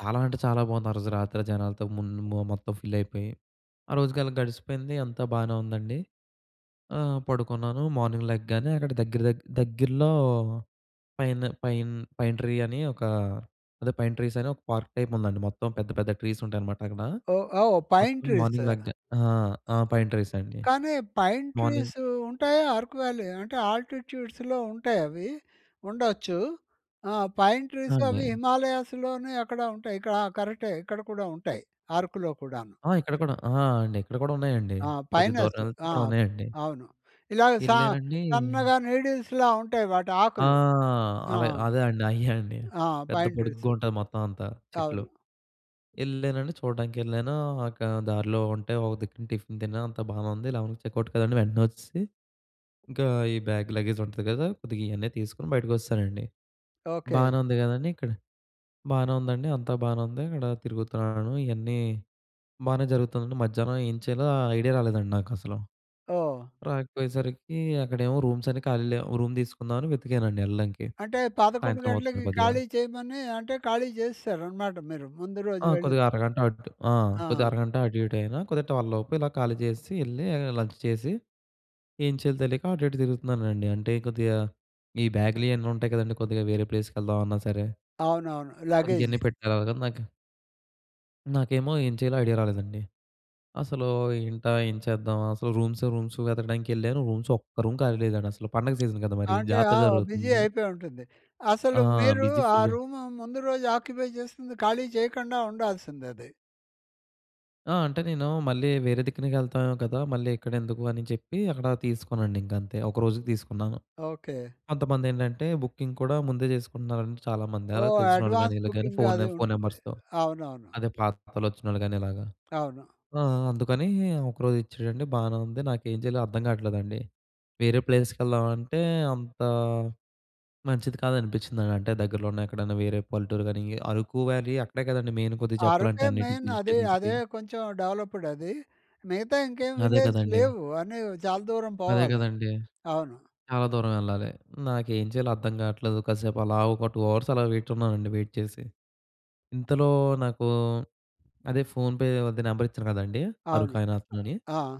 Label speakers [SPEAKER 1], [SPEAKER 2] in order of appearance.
[SPEAKER 1] చాలా అంటే చాలా బావుంది. ఆ రోజు రాత్రి ఆ జనాలతో ముంద్ మొ మొత్తం ఫిల్ అయిపోయి. ఆ రోజుకి అలా గడిసిపోయింది. అంతా బానే ఉందండి. ఆహ్, పడుకున్నాను. మార్నింగ్ లెగ్గానే అక్కడ దగ్గర దగ్ దగ్గరలో పైన పైన్ పైన్ ట్రీ అని ఒక, అదే పైన్ ట్రీస్ అని ఒక పార్క్ టైప్ ఉందండి. మొత్తం పెద్ద, పెద్ద ట్రీస్ ఉంటాయనమాట అక్కడా.
[SPEAKER 2] ఓహ్! ఔ పైన్
[SPEAKER 1] మొత్తం
[SPEAKER 2] ట్రీస్.
[SPEAKER 1] మార్నింగ్ లెగ్గా ఆ! ఆ! పైన్ ట్రీస్ అండి.
[SPEAKER 2] కానీ, పైన్
[SPEAKER 1] మార్నింగ్
[SPEAKER 2] ట్రీసూ ఉంటాయా? అరుకు వ్యాలీ అంటే ఆల్టిట్యూడ్స్‌లో ఉంటాయవి. ఉండొచ్చూ. ఆ! పైన్
[SPEAKER 1] ఆ!
[SPEAKER 2] ట్రీస్
[SPEAKER 1] అండి.
[SPEAKER 2] అవి హిమాలయాస్‌లోనే అక్కడ ఉంటాయి. ఇకడ ఆ! కరెక్టే. ఇక్కడ కూడా ఉంటాయి అరుకులో కూడాను.
[SPEAKER 1] ఆ! ఇక్కడ కూడా ఆహా! అండి. ఇక్కడ కూడా ఉన్నాయండి.
[SPEAKER 2] ఆ!
[SPEAKER 1] కొద్దిగ దూరం
[SPEAKER 2] పైనస్.
[SPEAKER 1] ఎళ్తే
[SPEAKER 2] ఆ!
[SPEAKER 1] అక్కడ ఉన్నాయండి.
[SPEAKER 2] అవును. ఇలాగ సా
[SPEAKER 1] ఎల్లారండీ
[SPEAKER 2] సన్నగా నీడిల్స్‌లా ఉంటాయి
[SPEAKER 1] ఆ!
[SPEAKER 2] వాటాకులు. ఆ!
[SPEAKER 1] అల అదే అండి. అయ్యే అండి.
[SPEAKER 2] ఆ!
[SPEAKER 1] పెద్ద
[SPEAKER 2] పైన్ ట్రీస్.
[SPEAKER 1] పొడుగ్గా ఉంటంది, మొత్తం అంతా చెట్లు.
[SPEAKER 2] అవును.
[SPEAKER 1] ఎళ్ళానండి, చూడడానికెళ్ళానూ అక దారిలో ఉంటే ఒక దిక్కున టిఫిన్ తిన్నాను. అంతా బానే ఉంది. 11కి చెకౌట్ కదండీ. వెంటనే వచ్చేసి, ఇంకా ఈ బ్యాగ్, లగేజ్ ఉంటది కదా! కొద్దిగా ఇయన్నీ తీసుకొని బయటకొచ్చెశానండి.
[SPEAKER 2] ఓకె.
[SPEAKER 1] బానే ఉంది కదా! అని ఇక్కడ బానే ఉందండి. అంతా బానే ఉంది. ఇక్కడ తిరుగుతున్నాను ఇయన్నీ బానే జరుగుతుందండి. మధ్యాహ్నం ఏం చెయ్యాలో ఆ ఐడియా రాలేదండి నాకసలు.
[SPEAKER 2] ఓహ్!
[SPEAKER 1] రాకపోయేసరికీ అక్కడేమో రూమ్స్ అన్ని ఖాళీ లేవు. ఓ రూమ్ తీసుకుందాం అని వెతికానండి ఎళ్ళడానికి.
[SPEAKER 2] అంటే 11
[SPEAKER 1] సాయంత్రం అవుతుంది
[SPEAKER 2] గంటలకి
[SPEAKER 1] కొద్దిగా.
[SPEAKER 2] ఖాళీ చెయ్యమనీ అంటే, ఖాళీ చేసేశారనమాట మీరు. ముందు రోజు
[SPEAKER 1] ఆ!
[SPEAKER 2] వెళ్ళింది.
[SPEAKER 1] కొద్దిగా అరగంట అట్ ఆ! కొద్దిగా
[SPEAKER 2] ఆ!
[SPEAKER 1] అరగంట అటు ఇటు అయినా కొద్దిగా 12 లోపు ఇలా ఖాళీ చేసెసీ ఎళ్ళీ ఆహ్, లంచ్ చేసి, ఏం చెయ్యాలో తెలీక అటు ఇటు తిరుగుతున్నానండి. అంటే కొద్దిగా ఈ బ్యాగ్‌లు ఇయన్నీ ఉంటాయి కదండీ. కొద్దిగా వేరే ప్లేస్‌కి వెళ్దామన్నా సరే.
[SPEAKER 2] అవునవును.
[SPEAKER 1] కొద్దిగా
[SPEAKER 2] లగేజీ.
[SPEAKER 1] ఇయన్నీ పెట్టేలొగా నాకు నాకేమో ఏం చెయ్యాలో ఐడియా రాలేదండి. అసలూ ఏంటా ఏం చేద్దామ్, అసలు రూమ్స్, రూమ్స్ వెతకడానికి వెళ్ళాను. రూమ్స్ ఒక్క రూమ్ ఖాళీ లేదండి అసలు. పండుగ సీజన్ కదా! మరీ,
[SPEAKER 2] అంటే
[SPEAKER 1] జాతర
[SPEAKER 2] ఆవ్ బిజీ
[SPEAKER 1] జరుగుతుంది.
[SPEAKER 2] అయిపోయి ఉంటుంది.
[SPEAKER 1] ఆ!
[SPEAKER 2] అసలు మీరూ
[SPEAKER 1] బిజీ
[SPEAKER 2] ఆ
[SPEAKER 1] ఫుల్.
[SPEAKER 2] రూమ్ ముందు రోజు ఆక్యుపై చేసింది ఖాళీ చెయ్యకండా ఉండాల్సిందిది.
[SPEAKER 1] ఆ! అంటే నేనూ మళ్ళీ వేరే దిక్కునకి ఎళ్తాఏమో కదా! మళ్ళీ ఇక్కడెందుకు అని చెప్పి అక్కడా తీసుకోనండి ఇంక అంతే. ఒకరోజుకు తీసుకున్నాను.
[SPEAKER 2] ఓకె.
[SPEAKER 1] కొంతమందేంటంటే బుకింగ్ కూడా ముందే చేసుకుంటున్నారండి చాలామంది. అలా
[SPEAKER 2] ఓహ్!
[SPEAKER 1] తెలిసినోళ్ళు గానీ,
[SPEAKER 2] అడ్వాన్స్
[SPEAKER 1] ఈళ్ళకు గానీ
[SPEAKER 2] బుకింగ్
[SPEAKER 1] ఫోనె
[SPEAKER 2] అది
[SPEAKER 1] ఫోన్
[SPEAKER 2] ఉంటుంది.
[SPEAKER 1] నంబర్స్‌తో.
[SPEAKER 2] అవునవును.
[SPEAKER 1] అదే పాతలోచ్చినోళ్ళు గానీ ఇలాగా.
[SPEAKER 2] అవును.
[SPEAKER 1] ఆ! అందుకనీ ఒకరోజు ఇచ్చాడండి, బానే ఉంది. నాకేం జెయ్యాలో అర్థం గాట్లేదండి. వేరే ప్లేసెస్‌కి ఎళ్దామంటే అంతా మంచిది కాదనిపిచ్చిందండి. అంటే దగ్గరలో ఉన్న ఎక్కడన్నా వేరే పల్లెటూరు గానీ ఈ అరుకు వ్యాలీ అక్కడే కదండీ మెయిన్ కొద్దిగ జెప్పాలంటే
[SPEAKER 2] అరుకే
[SPEAKER 1] అన్నిటికి,
[SPEAKER 2] మెయిన్.
[SPEAKER 1] హిల్
[SPEAKER 2] అదే
[SPEAKER 1] స్టేషన్స్‌కి.
[SPEAKER 2] అదే కొంచెం డెవలప్‌డ్ అదీ. మిగతా ఇంకేం
[SPEAKER 1] అదే
[SPEAKER 2] విలేజ్
[SPEAKER 1] కదండీ.
[SPEAKER 2] లేవు. అన్నీ చాలా దూరం
[SPEAKER 1] అదే
[SPEAKER 2] పోవాలి.
[SPEAKER 1] కదండీ.
[SPEAKER 2] అవును.
[SPEAKER 1] చాలా దూరం ఎళ్ళాలి. నాకేం చెయ్యాలో అర్థం కాట్లేదు. కసేపు అలా ఒక 2 అవర్స్ అలా వెయిట్ ఉన్నానండి వెయిట్ చేసి. ఇంతలో నాకూ అదే ఫోన్‌పే వాడిది నెంబర్ ఇచ్చాను కదండీ
[SPEAKER 2] అవును.
[SPEAKER 1] అరుకాయిన అతనని.
[SPEAKER 2] అ ఆ!